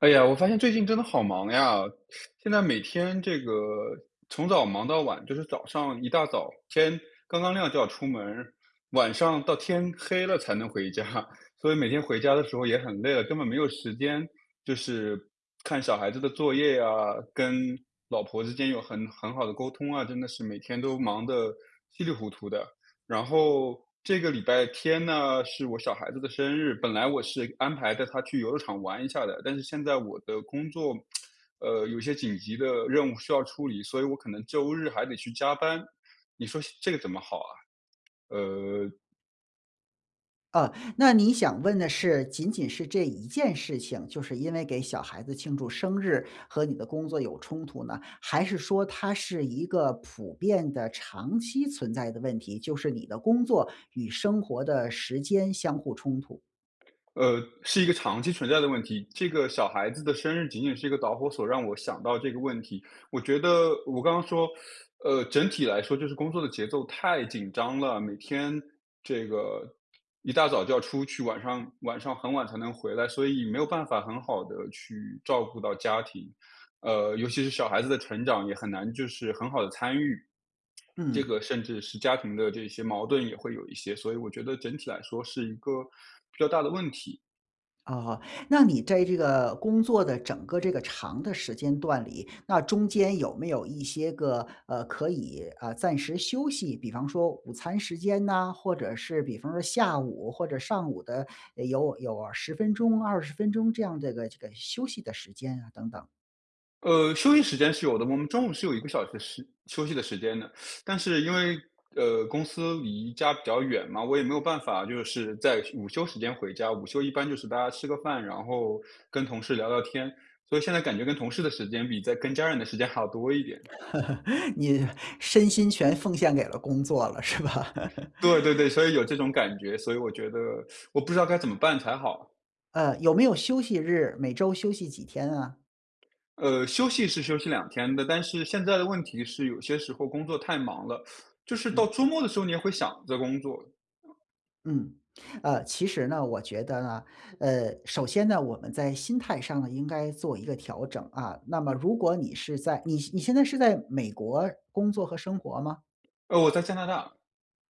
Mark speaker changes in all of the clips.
Speaker 1: 哎呀，我发现最近真的好忙呀。现在每天这个从早忙到晚，就是早上一大早，天刚刚亮就要出门儿，晚上到天黑了才能回家。所以每天回家的时候也很累了，根本没有时间就是看小孩子的作业啊，跟老婆之间有很很好的沟通啊，真的是每天都忙得稀里糊涂的。然后这个礼拜天呢是我小孩子的生日，本来我是安排带他去游乐场玩一下的。但是现在我的工作，呃，有些紧急的任务需要处理，所以我可能周日还得去加班，你说现这个怎么好啊？呃。
Speaker 2: 呃，那你想问的是，仅仅是这一件事情，就是因为给小孩子庆祝生日和你的工作有冲突呢？还是说它是一个普遍的长期存在的问题，就是你的工作与生活的时间相互冲突？
Speaker 1: 呃，是一个长期存在的问题，这个小孩子的生日仅仅是一个导火索让我想到这个问题。我觉得我刚刚说，呃，整体来说就是工作的节奏太紧张了，每天这个一大早就要出去，晚上晚上很晚才能回来，所以没有办法很好地去照顾到家庭。呃，尤其是小孩子的成长也很难就是很好地参与，这个
Speaker 2: 嗯。
Speaker 1: 甚至是家庭的这些矛盾也会有一些，所以我觉得整体来说是一个比较大的问题。
Speaker 2: 哦。那你在这个工作的整个这个长的时间段里，那中间有没有一些个，呃，可以啊，暂时休息。比方说午餐时间呢，或者是比方说下午或者上午的，有有10分钟、20分钟这样这个这个休息的时间啊等等。
Speaker 1: 呃，休息时间是有的。我们中午是有1个小时的时休息的时间的。但是因为，呃，公司离家比较远嘛，我也没有办法就是在午休时间回家。午休一般就是大家吃个饭，然后跟同事聊聊天，所以现在感觉跟同事的时间比在跟家人的时间还要多一点。
Speaker 2: 你身心全奉献给了工作了，是吧？
Speaker 1: 对对对，所以有这种感觉，所以我觉得 我不知道该怎么办才好？
Speaker 2: 呃，有没有休息日，每周休息几天啊？
Speaker 1: 呃，休息是休息2天的。但是现在的问题是有些时候工作太忙了，就是到
Speaker 2: 嗯。
Speaker 1: 周末的时候你也会想着工作。
Speaker 2: 嗯。呃，其实呢，我觉得呢，呃，首先呢，我们在心态上呢，应该做一个调整啊。那么如果你是在你你现在是在美国工作和生活吗？
Speaker 1: 呃，我在加拿大。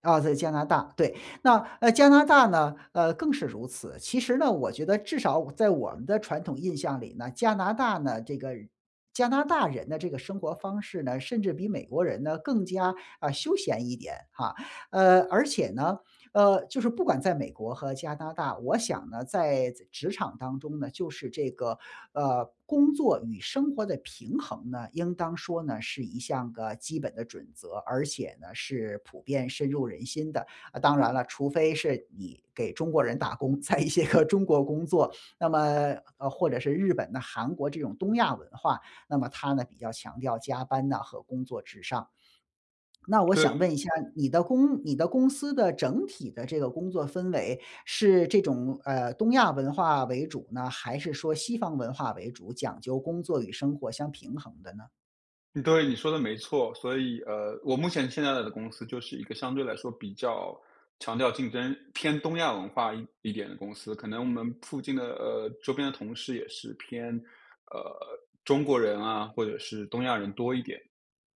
Speaker 2: 啊，在加拿大，对。那，呃，加拿大呢，呃，更是如此。其实呢，我觉得至少我在我们的传统印象里呢，加拿大呢这个人加拿大人的这个生活方式呢，甚至比美国人呢更加，啊，休闲一点，啊。呃，而且呢，呃，就是不管在美国和加拿大，我想呢，在仄职场当中呢，就是这个，呃，工作与生活的平衡呢，应当说呢，是一项个基本的准则，而且呢是普遍深入人心的。啊，当然了，除非是你给中国人打工，在一些个中国工作，那么呃，或者是日本呐韩国这种东亚文化，那么它呢比较强调加班呐和工作至上。那我
Speaker 1: 对。
Speaker 2: 想问一下，你的公你的公司的整体的这个工作氛围是这种，呃，东亚文化为主呢，还是说西方文化为主，讲究工作与生活相平衡的呢？
Speaker 1: 对，你说得没错。所以呃，我目前现在的公司就是一个相对来说比较强调竞争，偏东亚文化一一点的公司。可能我们附近的呃，周边的同事也是偏，呃，中国人啊或者是东亚人多一点。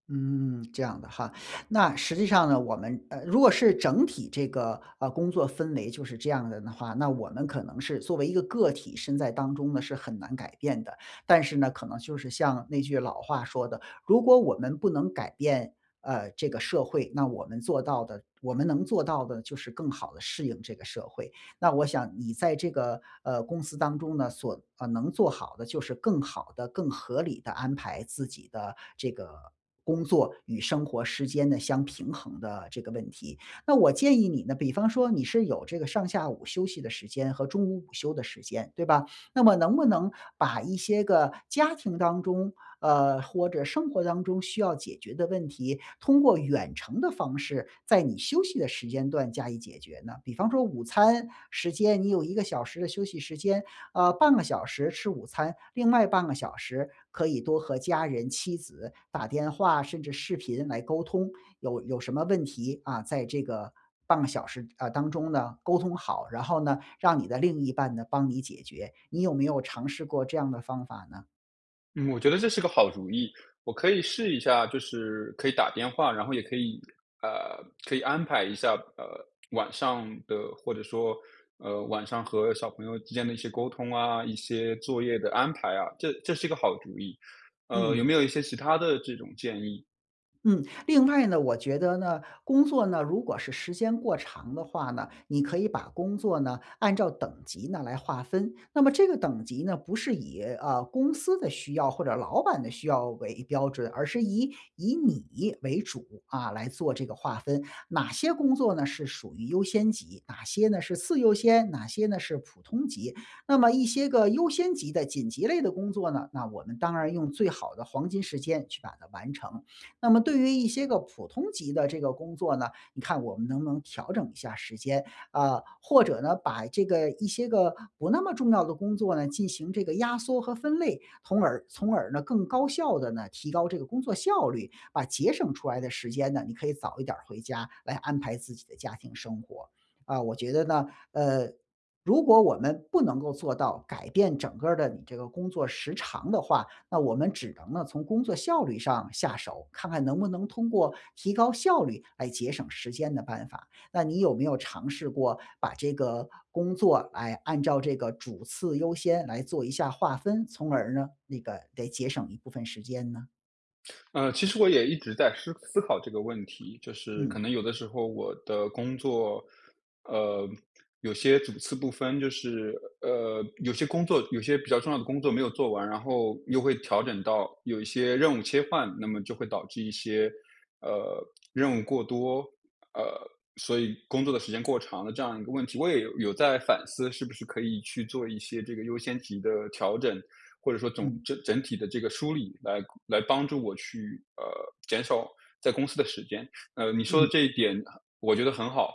Speaker 2: 嗯，这样的哈。那实际上呢，我们呃，如果是整体这个呃，工作氛围就是这样的呢话，那我们可能是作为一个个体，身在当中呢是很难改变的。但是呢，可能就是像那句老话说的：“如果我们不能改变，呃，这个社会，那我们做到的我们能做到的就是更好地适应这个社会。”那我想，你在这个，呃，公司当中呢，所呃，能做好的就是更好地、更合理地安排自己的这个工作与生活时间的相平衡的这个问题。那我建议你呢，比方说你是有这个上下午休息的时间和中午午休的时间，对吧？那么能不能把一些个家庭当中，呃，或者生活当中需要解决的问题，通过远程的方式在你休息的时间段加以解决呢？比方说午餐时间你有1个小时的休息时间，呃，半个小时吃午餐，另外半个小时可以多和家人妻子打电话，甚至视频来沟通。有有什么问题，啊，在这个半个小时呃，当中呢沟通好，然后呢，让你的另一半呢帮你解决。你有没有尝试过这样的方法呢？
Speaker 1: 嗯，我觉得这是个好主意，我可以试一下就是可以打电话，然后也可以，呃，可以安排一下，呃，晚上的或者说，呃，晚上和小朋友之间的一些沟通啊，一些作业的安排啊。这这是一个好主意。呃，有没
Speaker 2: 嗯。
Speaker 1: 有一些其它的这种建议？
Speaker 2: 嗯，另外呢，我觉得呢，工作呢，如果是时间过长的话呢，你可以把工作呢按照等级呢来划分。那么这个等级呢，不是以呃，公司的需要或者老板的需要为标准，而是以以你为主啊来做这个划分。哪些工作呢是属于优先级、哪些呢是次优先、哪些呢是普通级。那么一些个优先级的、紧急类的工作呢，那我们当然用最好的黄金时间去把它完成。那么对于一些个普通级的这个工作呢，你看我们能不能调整一下时间，啊，或者呢，把这个一些个不那么重要的工作呢进行这个压缩和分类，从而从而呢更高效的呢提高这个工作效率，把节省出来的时间呢你可以早一点儿回家，来安排自己的家庭生活。啊，我觉得呢，呃，如果我们不能够做到改变整个儿的你这个工作时长的话，那我们只能呢从工作效率上下手，看看能不能通过提高效率来节省时间的办法。那你有没有尝试过把这个工作，哎，按照这个主次优先来做一下划分，从而呢，那个得节省一部分时间呢？
Speaker 1: 呃，其实我也一直在湿思考这个问题。就是可
Speaker 2: 嗯。
Speaker 1: 能有的时候我的工作，呃，有些主次不分，就是呃，有些工作有些比较重要的工作没有做完，然后又会调整到有一些任务切换。那么就会导致一些，呃，任务过多，呃，所以工作的时间过长了这样一个问题。我也有有在反思是不是可以去做一些这个优先级的调整，或者说总
Speaker 2: 嗯。
Speaker 1: 整整体的这个梳理来来帮助我去，呃，减少在公司的时间。呃，你说的
Speaker 2: 嗯。
Speaker 1: 这一点我觉得很好。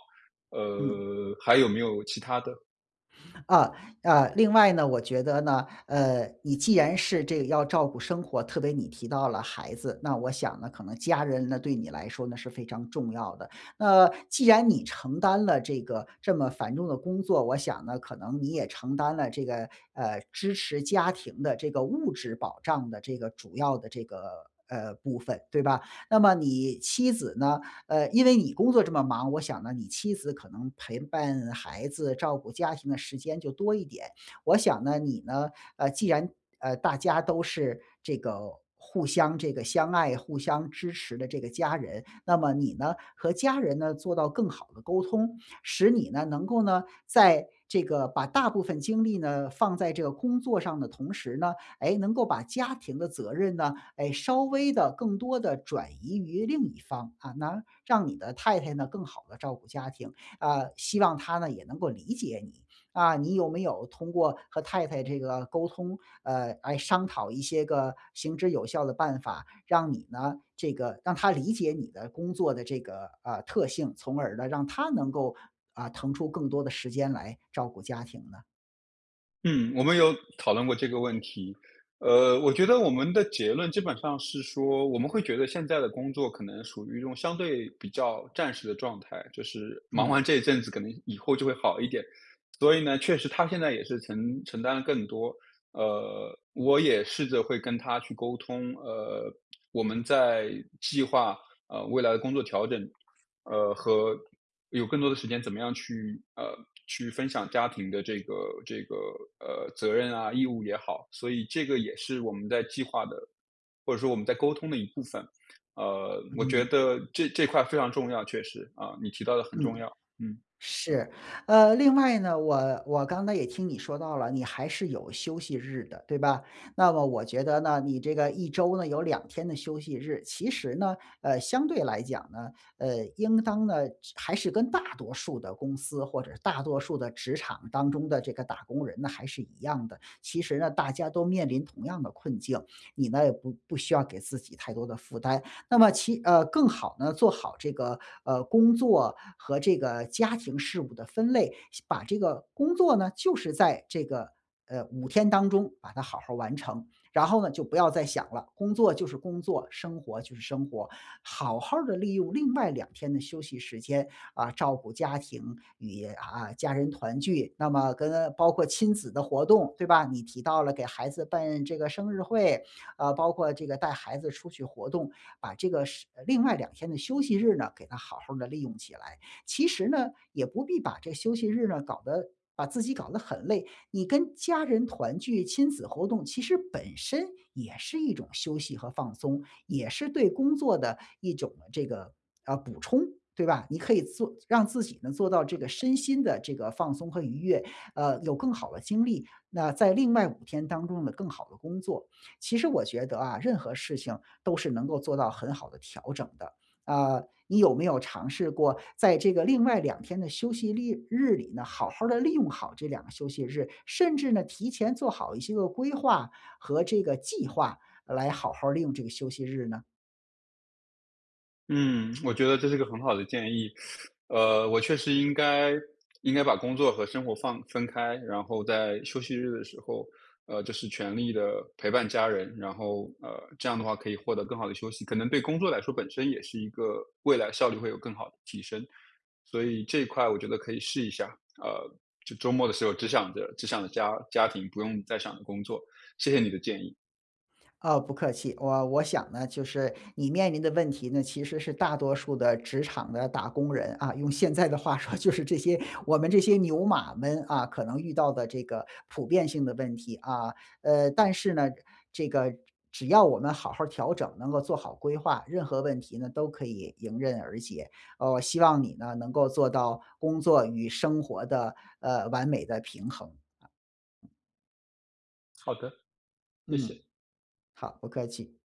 Speaker 2: 嗯。
Speaker 1: 呃，还有没有其它的？
Speaker 2: 呃，呃，另外呢，我觉得呢，呃，你既然是这要照顾生活，特别你提到了孩子，那我想呢可能家人呢对你来说呢是非常重要的。那既然你承担了这个这么繁重的工作，我想呢可能你也承担了这个，呃，支持家庭的这个物质保障的这个主要的这个呃，部分对吧？那么你妻子呢呃，因为你工作这么忙，我想呢，你妻子可能陪伴孩子，照顾家庭的时间就多一点。我想呢，你呢，呃，既然呃，大家都是这个互相这个相爱、互相支持的这个家人，那么你呢，和家人呢做到更好地沟通。使你呢能够呢，在这个把大部分精力呢放在这个工作上的同时呢，诶，能够把家庭的责任呢，哎，稍微地、更多地转移于另一方，啊，拿让你的太太呢更好地照顾家庭，啊，希望她呢也能够理解你。啊，你有没有通过和太太这个沟通，呃，来商讨一些个行之有效的办法，让你呢，这个让她理解你的工作的这个，呃，特性，从而呢，让她能够，啊，腾出更多的时间来照顾家庭呢？
Speaker 1: 嗯，我们有讨论过这个问题。呃，我觉得我们的结论基本上是说，我们会觉得现在的工作可能属于一种相对比较暂时的状态，就是忙
Speaker 2: 嗯。
Speaker 1: 完这一阵子可能以后就会好一点。所以呢，确实她现在也是承承担了更多。呃，我也试着会跟她去沟通呃，我们在计划，呃，未来的工作调整，呃，和有更多的时间怎么样去呃，去分享家庭的这个这个，呃，责任啊，义务也好。所以这个也是我们在计划的，或者说我们在沟通的一部分。呃，我觉
Speaker 2: 嗯。
Speaker 1: 得这这块非常重要，确实，啊，你提到的很重
Speaker 2: 嗯，
Speaker 1: 要。嗯。
Speaker 2: 是。呃，另外呢，我我刚才也听你说到了，你还是有休息日的，对吧？那么我觉得呢，你这个1周呢，有2天的休息日。其实呢，呃，相对来讲呢，呃，应当呢就还是跟大多数的公司、或者是大多数的职场当中的这个打工人呢，还是一样的。其实呢，大家都面临同样的困境，你呢也不不需要给自己太多的负担。那么其呃，更好呢做好这个，呃，工作和这个家庭事务的分类，先把这个工作呢，就是在这个，呃，5天当中把它好好儿完成，然后呢，就不要再想了。工作就是工作，生活就是生活。好好儿地利用另外2天的休息时间，啊，照顾家庭与啊，家人团聚。那么跟包括亲子的活动，对吧？你提到了给孩子办这个生日会，啊，包括这个带孩子出去活动，把这个是呃，另外2天的休息日呢，给它好好儿地利用起来。其实呢，也不必把这休息日呢搞得把自己搞得很累。你跟家人团聚，亲子活动其实本身也是一种休息和放松，也是对工作的一种呢这个呃，补充，对吧？你可以做让自己呢，做到这个身心的这个放松和愉悦，呃，有更好的精力，那在另外5天当中呢更好地工作。其实我觉得啊，任何事情都是能够做到很好的调整的，啊，你有没有尝试过在这个另外2天的休息力日里呢，好好儿地利用好这2个休息日，甚至呢提前做好一些个规划和这个计划，呃，来好好儿利用这个休息日呢？
Speaker 1: 嗯，我觉得这是个很好的建议。呃，我确实应该应该把工作和生活放分开。然后在休息日的时候，呃，就是全力地陪伴家人。然后，呃，这样的话可以获得更好的休息。可能对工作来说本身也是一个未来效率会有更好的提升。所以这一块我觉得可以试一下，呃，就周末的时候只想着只想着家家庭，不用再想着工作，谢谢你的建议。
Speaker 2: 哦，不客气。我我想呢，就是你面临的问题呢，其实是大多数的职场的打工人啊，用现在的话说就是这些我们这些牛马们，啊，可能遇到的这个普遍性的问题啊。呃，但是呢，这个只只要我们好好儿调整，能够做好规划，任何问题呢，都可以迎刃而解。呃，我希望你呢，能够做到工作与生活的，呃，完美的平衡。
Speaker 1: 好的，谢
Speaker 2: 嗯，
Speaker 1: 谢。
Speaker 2: 好，不客气。